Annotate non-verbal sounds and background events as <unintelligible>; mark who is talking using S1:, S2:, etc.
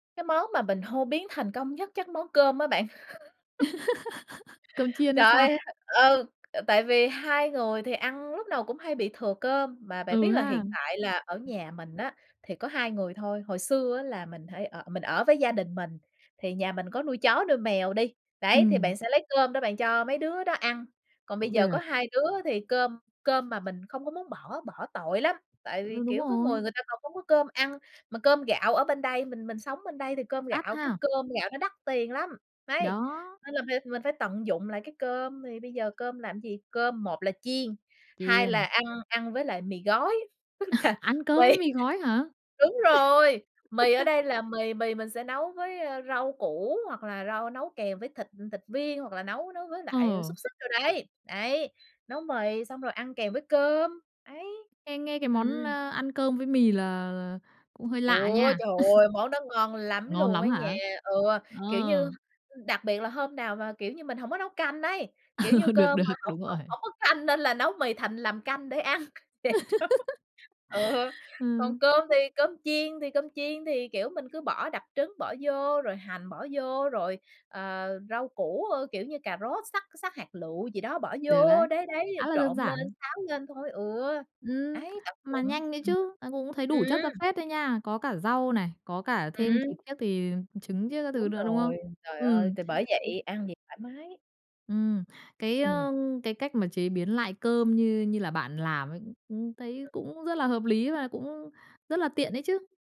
S1: Cái món mà mình hô biến thành công nhất chắc món cơm á bạn. <laughs>
S2: <laughs> Cơm chiên hay
S1: Trời
S2: sao?
S1: ơi! Ừ, tại vì 2 người thì ăn lúc nào cũng hay bị thừa cơm. Mà bạn
S2: Ừ
S1: biết là
S2: ha.
S1: hiện tại là ở nhà mình á, thì có 2 người thôi. Hồi xưa á, là mình thải ở mình ở với gia đình mình, thì nhà mình có nuôi chó nuôi mèo đi, đấy, thì
S2: Ừm.
S1: bạn sẽ lấy cơm đó bạn cho mấy đứa đó ăn. Còn bây
S2: Cũng
S1: giờ có
S2: được.
S1: 2 đứa thì cơm cơm mà mình không có muốn bỏ, bỏ tội lắm. Tại vì,
S2: Ừ, đúng
S1: kiểu, có người,
S2: rồi.
S1: người ta còn không có cơm ăn. Mà cơm gạo ở bên đây, mình mình sống bên đây thì cơm
S2: Đắt
S1: gạo cái
S2: ha.
S1: cơm gạo nó đắt tiền lắm.
S2: Thì
S1: Đấy,
S2: đó.
S1: nên là phải mình phải tận dụng lại cái cơm, thì bây giờ cơm làm gì? Cơm một là chiên, hai là
S2: Chiên.
S1: ăn ăn với lại mì gói, tức là
S2: <laughs> Ăn cơm với
S1: quây
S2: mì gói hả?
S1: đúng rồi, mì ở
S2: <laughs>
S1: đây là mì mì mình sẽ nấu với, ơ, rau củ, hoặc là rau nấu kèm với thịt thịt viên, hoặc là nấu nấu với lại
S2: Ờ.
S1: xúc xích đồ đấy. Ấy, nấu mì xong rồi ăn kèm với cơm, ấy.
S2: Nghe nghe cái món,
S1: Ừm.
S2: a, ăn cơm với mì là là cũng hơi lạ
S1: Ôi,
S2: nha.
S1: trời ơi! Món đó ngon
S2: <laughs>
S1: lắm
S2: Ngon
S1: luôn
S2: lắm
S1: á nha!
S2: hả?
S1: Ừ,
S2: Ờ.
S1: kiểu như, ư, đặc biệt là hôm nào mà, kiểu như, mình hổng có nấu canh ấy. Kiểu như
S2: <laughs> Được
S1: cơm mà
S2: được,
S1: hổng
S2: đúng rồi.
S1: hổng hổng có canh, nên là nấu mì thành làm canh để ăn <unintelligible>
S2: <laughs>
S1: ừ, còn
S2: Ừm.
S1: cơm thì cơm chiên thì cơm chiên thì, kiểu, mình cứ bỏ đập trứng bỏ vô, rồi hành bỏ vô, rồi, ờ, rau củ, ơ, kiểu như cà rốt xắt xắt hạt lựu gì đó bỏ
S2: Được đấy,
S1: vô, đấy, đấy,
S2: khá là đơn
S1: trộn lên,
S2: giản.
S1: xáo lên thôi, ừ,
S2: Ừm,
S1: ấy <unintelligible>
S2: mà
S1: ừm.
S2: nhanh đấy chứ. Ờ, cũng thấy đủ chất ra
S1: Ừm.
S2: phết đấy nha. Có cả rau này, có cả thêm
S1: Ừm.
S2: thịt thiết thì trứng chiếc các thứ
S1: Đúng
S2: nữa, đúng không?
S1: rồi, trời ơi,
S2: Ừm.
S1: thì bởi
S2: <unintelligible>
S1: vậy ăn gì thoải mái.
S2: Ừm, cái,
S1: Ừm.
S2: ơ, cái cách mà chế biến lại cơm như như là bạn làm ấy, ừm, ừm, thấy cũng rất là hợp lý và cũng rất là tiện ấy chứ.